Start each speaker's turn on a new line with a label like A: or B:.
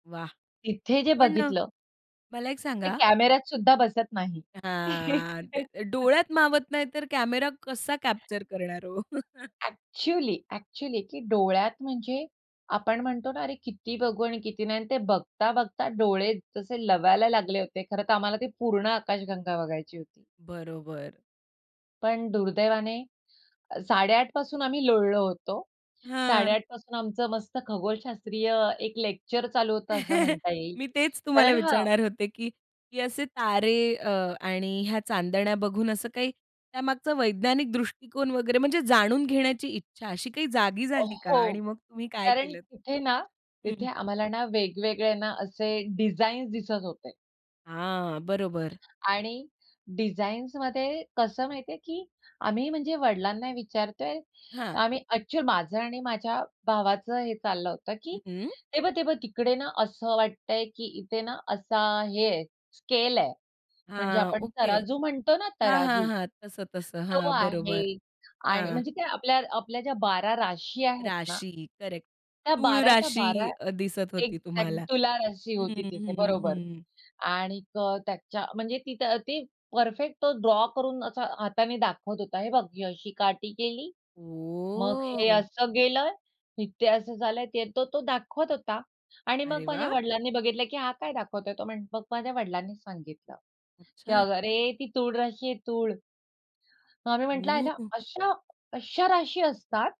A: वाह!
B: तिथे जे
A: पण अ,
B: बघितलं
A: मला एक
B: ते
A: सांगा
B: कॅमेऱ्यात सुद्धा बसत नाही.
A: आह, ते डोळ्यात मावत नाही तर कॅमेरा कसा कॅप्चर करणार हो?
B: ऍक्च्युअली, ऍक्च्युअली की डोळ्यात म्हणजे आपण म्हणतो ना, अरे किती बघू आणि किती नाही आणि ते बघता, बघता डोळे जसे लवायला लागले होते. खरं तर आम्हाला ती पूर्ण आकाशगंगा बघायची होती.
A: बरोबर.
B: पण दुर्दैवाने 8:30 पासून आम्ही लोळलो होतो. साडे
A: हां.
B: आठ पासून आमचं मस्त खगोलशास्त्रीय अ, एक लेक्चर चालू होतं असं म्हणता येईल.
A: मी तेच तुम्हाला
B: कारण हां
A: विचारणार होते की, की असे तारे अ, आणि ह्या चांदण्या बघून असं काही त्यामागचा वैज्ञानिक दृष्टिकोन वगैरे म्हणजे जाणून घेण्याची इच्छा अशी काही जागी
B: अ,
A: झाली का?
B: हो
A: आणि मग तुम्ही काय
B: कारण
A: केलत?
B: तिथे ना, तिथे
A: हं.
B: आम्हाला ना वेगवेगळे ना असे डिझाईन्स दिसत होते.
A: हां, बरोबर.
B: आणि डिझाईन्समध्ये कसं माहिती आहे, की आम्ही म्हणजे वडिलांना विचारतोय.
A: हां.
B: आम्ही ऍक्च्युअली माझं आणि माझ्या भावाचं हे चाललं होतं, की
A: हं.
B: ते बघ, ते बघ तिकडे ना, असं वाटतं आहे की इथे ना, असा हे आहे, स्केल आहे. म्हणजे
A: हां,
B: आपण
A: ओके
B: तराजू म्हणतो ना,
A: हां, हां,
B: तराजू
A: हां. तसं, तसं. हां,
B: तो
A: बरोबर
B: आहे आणि
A: हां.
B: म्हणजे काय आपल्या आपल्या ज्या 12 राशी आहेत ना
A: राशी करेक्ट
B: त्या
A: तूळ
B: 12 च्या 12,
A: राशी अ, दिसत
B: एक
A: होती
B: त्यात
A: तुम्हाला
B: तुला राशी
A: हं,
B: होती तिथे
A: हं,
B: बरोबर.
A: हं.
B: आणिक त्याच्या म्हणजे तिथं ते परफेक्ट तो ड्रॉ करून असा हाताने दाखवत होता. हे बघ ही अशी काटी केली. मग हे
A: ओ
B: असं गेलं, ते असं झालं. ते तो, तो दाखवत होता आणि मग
A: अरे
B: माझ्या
A: वाह!
B: वडिलांनी बघितलं की हा काय दाखवतोय. तो मग माझ्या वडिलांनी सांगितलं, की
A: अच्छा!
B: अरे ती तूळ राशी आहे तूळ. मग आम्ही म्हटलं
A: ओह,
B: आईला
A: हो!
B: अशा, अशा राशी असतात?